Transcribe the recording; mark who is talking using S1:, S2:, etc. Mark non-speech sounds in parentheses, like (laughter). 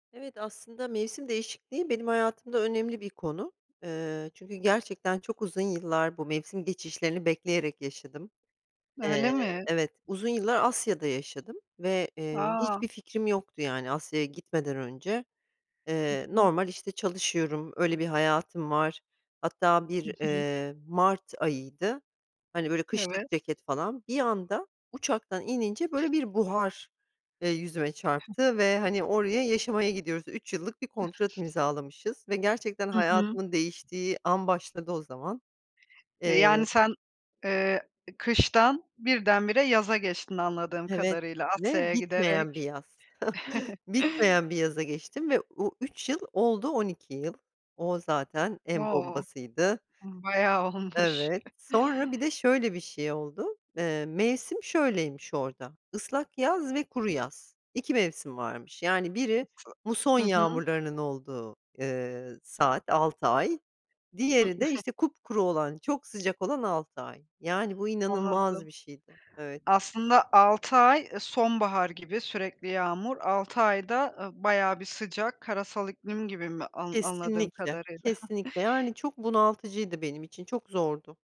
S1: Evet, aslında mevsim değişikliği benim hayatımda önemli bir konu. Eee, çünkü gerçekten çok uzun yıllar bu mevsim geçişlerini bekleyerek yaşadım. Eee,
S2: Öyle mi?
S1: evet uzun yıllar Asya'da yaşadım ve, eee,
S2: A!
S1: hiçbir fikrim yoktu yani Asya'ya gitmeden önce.
S2: Hı
S1: Eee,
S2: hı.
S1: normal, işte, çalışıyorum, öyle bir hayatım var, hatta
S2: Hı
S1: bir,
S2: hı.
S1: eee, Mart ayıydı, hani, böyle
S2: Evet.
S1: kışlık ceket falan, bir anda uçaktan inince böyle bir buhar, eee, yüzüme çarptı ve, hani, oraya yaşamaya gidiyoruz, 3 yıllık bir kontrat imzalamışız ve gerçekten
S2: Hı hı.
S1: hayatımın değiştiği an başladı o zaman.
S2: E,
S1: Eee
S2: yani sen, eee, kıştan birdenbire yaza geçtin anladığım
S1: Evet
S2: kadarıyla
S1: ve
S2: Asya'ya
S1: bitmeyen bir
S2: giderek.
S1: yaz. (chuckles)
S2: (chuckles)
S1: Bitmeyen bir yaza geçtim ve o 3 yıl oldu 12 yıl. O zaten en
S2: O
S1: bombasıydı.
S2: ımm bayağı olmuş.
S1: Evet,
S2: (chuckles)
S1: sonra bir de şöyle bir şey oldu. Eee, mevsim şöyleymiş orada: Islak yaz ve kuru yaz, 2 mevsim
S2: I
S1: varmış. Yani biri
S2: s
S1: muson
S2: nasıl? Hı hı.
S1: yağmurlarının olduğu, eee, saat 6 ay
S2: Hı
S1: diğeri de,
S2: (chuckles)
S1: işte, kupkuru olan çok sıcak olan 6 ay. Yani bu inanılmaz
S2: Anladım.
S1: bir şeydi evet.
S2: Aslında 6 ay, ııı, sonbahar gibi sürekli yağmur, 6 ayda, ııı, bayağı bir sıcak, karasal iklim gibi mi an anladığım
S1: Kesinlikle,
S2: kadarıyla? (chuckles)
S1: kesinlikle yani çok bunaltıcıydı benim için çok zordu.